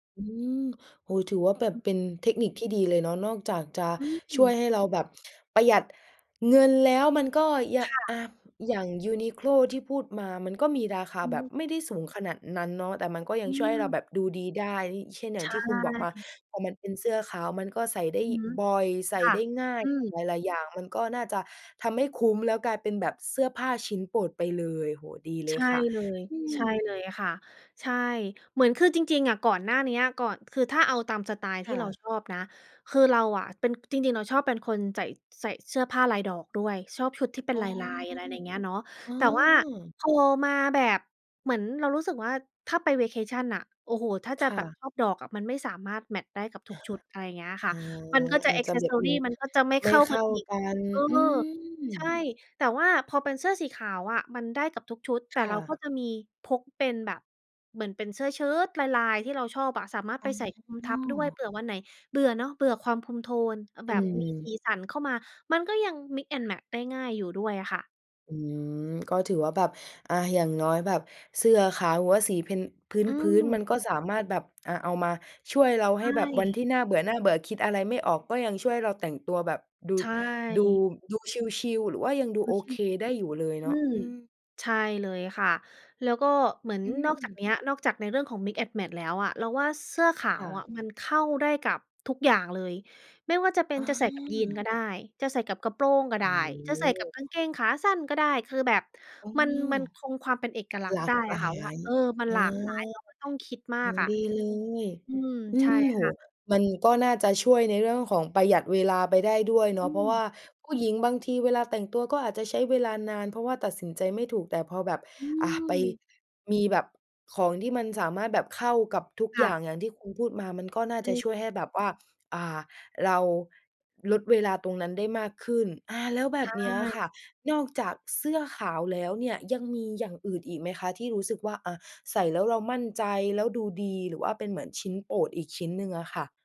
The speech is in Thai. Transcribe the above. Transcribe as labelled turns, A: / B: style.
A: อืม โอ้ ถือว่าแบบ
B: อือ
A: เป็นเทคนิคที่ดีเลยเนาะ นอกจากจะ
B: อ
A: ช
B: ื
A: ่วย
B: ม
A: ให้เราแบบประหยัดเงินแล้ว มันก็ยะ
B: ค่
A: อ
B: ะ
A: ่า อย่าง UNIQLO ที่พูดมา มันก็มีราคา
B: อื
A: แบบ
B: ม
A: ไม่ได้สูงขนาดนั้นเนาะ แต่มันก็ยั
B: อื
A: งช่วยให้เรา
B: ม
A: แบบดูดีได้ เช่น อย่
B: ใช
A: างที่คุณบอกมา
B: ่
A: พอมันเป็นเสื้อขาวมันก็ใส่ได้
B: อือฮึ
A: บ่อย ใส่
B: ค่ะ
A: ได้ง่าย
B: อืม
A: หลาย ๆ อย่างมันก็น่าจะทำให้คุ้ม แล้วกลายเป็นแบบเสื้อผ้าชิ้นโปรดไปเลย โอ้โฮ ดีเล
B: ใช
A: ย
B: ่
A: ค่ะ
B: เลย
A: อื
B: ใ
A: ม
B: ช่เลยค่ะ ใช่ เหมือน คือจริง ๆ อะ ก่อนหน้าเนี้ย ก่อน คือถ้าเอาตามสไตล์
A: ค
B: ที่
A: ่
B: เรา
A: ะ
B: ชอบนะ คือเราอะเป็น จริง ๆ เราชอบเป็นคนใส่ ใส่เสื้อผ้าลายดอกด้วย ชอบชุดที่เป็
A: อ๋
B: น
A: อ
B: ลาย ๆ อะไรอย่างเงี้ยเนาะ
A: อ๋อ
B: แต่ว่าพอมาแบบ เหมือนเรารู้สึกว่า ถ้าไป Vacation อะ โอ้โฮ! ถ้า
A: ค
B: จะ
A: ่
B: แบบ
A: ะ
B: ชอบดอกอะ มันไม่สามารถแมตช์ได้กับท
A: อ
B: ุก
A: า
B: ชุด อะไรอย่างเงี้ยค่
A: อ๋
B: ะ
A: อ
B: มันก็จะ
A: อ
B: แ
A: า
B: อ
A: จ
B: ก
A: จะ
B: เซส
A: แบ
B: ซ
A: บ
B: อร
A: ม
B: ี
A: ี
B: มันก็จะไม่
A: ไ
B: เ
A: ม่
B: ข้า
A: เข
B: กั
A: ้
B: น
A: า
B: อีก
A: กัน
B: เออ
A: อืม
B: ใช่ แต่ว่าพอเป็นเสื้อสีขาวอะมันได้กับทุกชุด แต
A: ค
B: ่
A: ่
B: เราก
A: ะ
B: ็จะมีพกเป็นแบบ เหมือนเป็นเสื้อเชิ้ตลาย ๆ ที่เราชอบอะ สามารถ
A: อ
B: ไปใส่คลุมท
A: ๋
B: ับด้วย
A: อ
B: เผื่อวันไหนเบื่อเนาะ เบื่อความคลุมโทน
A: อ
B: แบ
A: ื
B: บมีส
A: ม
B: ีสันเข้ามา มันก็ยัง Mix and Match ได้ง่ายอยู่ด้วยอะค่ะ
A: อืม ก็ถือว่าแบบ อา อย่างน้อยแบบ เสื้อขาวหรือว่าสี plain พ
B: อื
A: ื้น
B: ม
A: ๆ มันก็สามารถแบบ อา เอามาช่วยเราใ
B: ใ
A: ห
B: ช
A: ้แบบวัน
B: ่
A: ที่น่าเบื่อ ๆ คิดอะไรไม่ออก ก็ยังช่วยเราแต่งตัวแบบดู
B: ใช
A: ดู
B: ่
A: ดูชิล ๆ หรือว่ายังดูโอ
B: ชิ
A: เค
B: ล
A: ได้อยู่เลย
B: ๆ อ
A: เ
B: ื
A: นาะ
B: ม
A: อืม
B: ใช่เลยค่ะ แล้วก็เหมือน
A: อื
B: นอกจา
A: ม
B: กเนี้ย นอกจากในเรื่องของ Mix and Match แล้วอะ เราว่าเสื้อขา
A: ค่
B: วอ
A: ะ
B: ะมันเข้าได้กับทุกอย่างเลย ไม่ว่าจะเป็
A: อ
B: น
A: ๋
B: จะใส่กับยีนก
A: อ
B: ็ได้ จะใส่กับกระโปรงก็
A: โ
B: ไ
A: อ
B: ด้
A: ้
B: จะ
A: โ
B: ใส่กับ
A: ฮ
B: กางเกงขาสั้นก็ได้ คือแบบ
A: อ๋อ
B: มัน มันคงความเป็นเอกลัก
A: ห
B: ษณ
A: ล
B: ์
A: า
B: ได้
A: กห
B: อ
A: ล
B: ะค
A: า
B: ่ะว่า
A: ย
B: เออ มัน
A: เออ
B: หลากหลาย เราไม่ต้องคิดม
A: อ
B: า
A: ื
B: ก
A: ม
B: อะ
A: ดีเลย
B: อืม
A: อื
B: ใช่
A: ม โอ้
B: ค
A: โ
B: ่
A: ฮ
B: ะ
A: มันก็น่าจะช่วยในเรื่องของประหยัดเวลาไปได้ด้วยเน
B: อ
A: าะ
B: ื
A: เพราะว่
B: ม
A: าผู้หญิงบางทีเวลาแต่งตัวก็อาจจะใช้เวลานาน เพราะว่าตัดสินใจไม่ถูก แต่พอแบบ
B: อื
A: อา ไป
B: ม
A: มีแบบของที่มันสามารถแบบเข้ากับทุก
B: ค
A: อย
B: ่
A: ่
B: ะ
A: าง อย่างที่คุณพูดมา มันก็น่า
B: อ
A: จะช่
B: ื
A: วย
B: ม
A: ให้แบบว่า อ่า เรา ลดเวลาตรงนั้นได้มากขึ้น อา แล้วแบ
B: ใช
A: บเนี้ยอะ
B: ่
A: ค่ะ นอกจากเสื้อขาวแล้วเนี่ย ยังมีอย่างอื่นอีกไหมคะ ที่รู้สึกว่า อา ใส่แล้วเรามั่นใจ แล้วดูดี หรือว่าเป็นเหมือนชิ้นโปรดอีกชิ้นหนึ่งอะค่ะ?